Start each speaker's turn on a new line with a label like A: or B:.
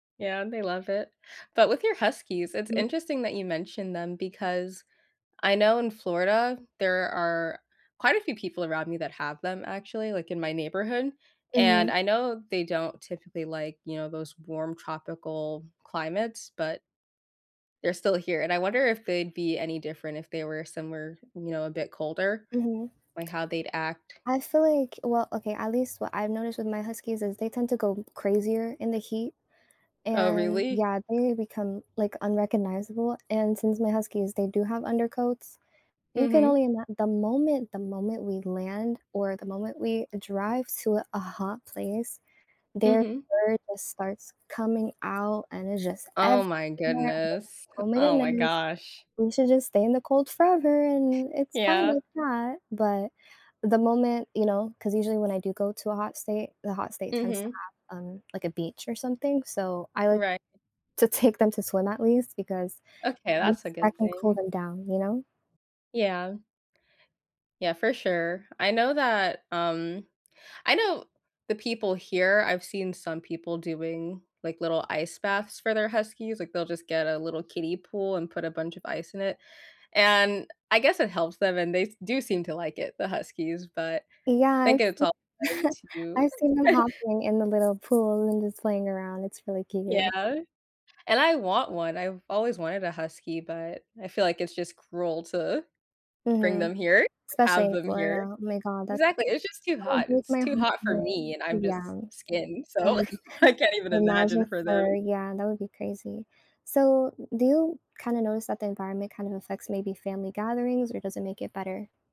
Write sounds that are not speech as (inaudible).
A: Yeah, they love it. But with your huskies, it's
B: Mm.
A: interesting that you mentioned them, because I know in Florida, there are quite a few people around me that have them, actually, like, in my neighborhood, and
B: Mhm.
A: I know they don't typically, like, you know, those warm tropical climates, but they're still here, and I wonder if they'd be any different if they were somewhere, you know, a bit colder,
B: Mhm.
A: like, how they'd act.
B: I feel like well, okay, at least what I've noticed with my huskies is they tend to go crazier in the heat,
A: Oh,
B: and
A: really?
B: yeah, they become, like, unrecognizable, and since my huskies, they do have undercoats, you can
A: Mhm.
B: only ima the moment the moment we land or the moment we drive to a a hot place, their
A: Mhm.
B: fur just starts coming out and it's just
A: Oh,
B: everywhere
A: my
B: and
A: goodness. Heh
B: oh my
A: oh my
B: goodness,
A: gosh.
B: we should just stay in the cold forever and it's fine
A: Yeah.
B: like that, but the moment, you know 'cause usually when I do go to a hot state, the hot state tends to
A: Mhm.
B: have um, like, a beach or something, so I like
A: Righ
B: to take them to swim at least because
A: Okay,
B: I
A: that's a
B: I
A: good
B: can cool
A: thing.
B: them down, you know?
A: Yeah. Yeah, for sure. I know that, um I know the people here I've seen some people doing like little ice baths for their huskies, like, they'll just get a little kiddie pool and put a bunch of ice in it, and I guess it helps them, and they s do seem to like it, the huskies, but I
B: Yeah,
A: think
B: it's
A: it's all better
B: (chuckles)
A: to
B: I've seen them
A: (laughs)
B: hopping in the little pool and just playing around, it's really cute.
A: Yeah, and I want one, I've always wanted a husky, but I feel like it's just cruel to bring
B: Mhm.
A: them here
B: Especially
A: have
B: in
A: them here.
B: Florida, oh my God, that
A: Exactly, it's just too
B: that would
A: hot,
B: break
A: it's
B: my
A: too hot for
B: heart,
A: me, and I'm
B: yeah,
A: just
B: um,
A: skin, so
B: (chuckles)
A: (laughs) I can't even imagine
B: imagine
A: for
B: fur,
A: them.
B: yeah, that would be crazy. So, do you kind of notice that the environment kind of affects maybe family gatherings or does it make it better?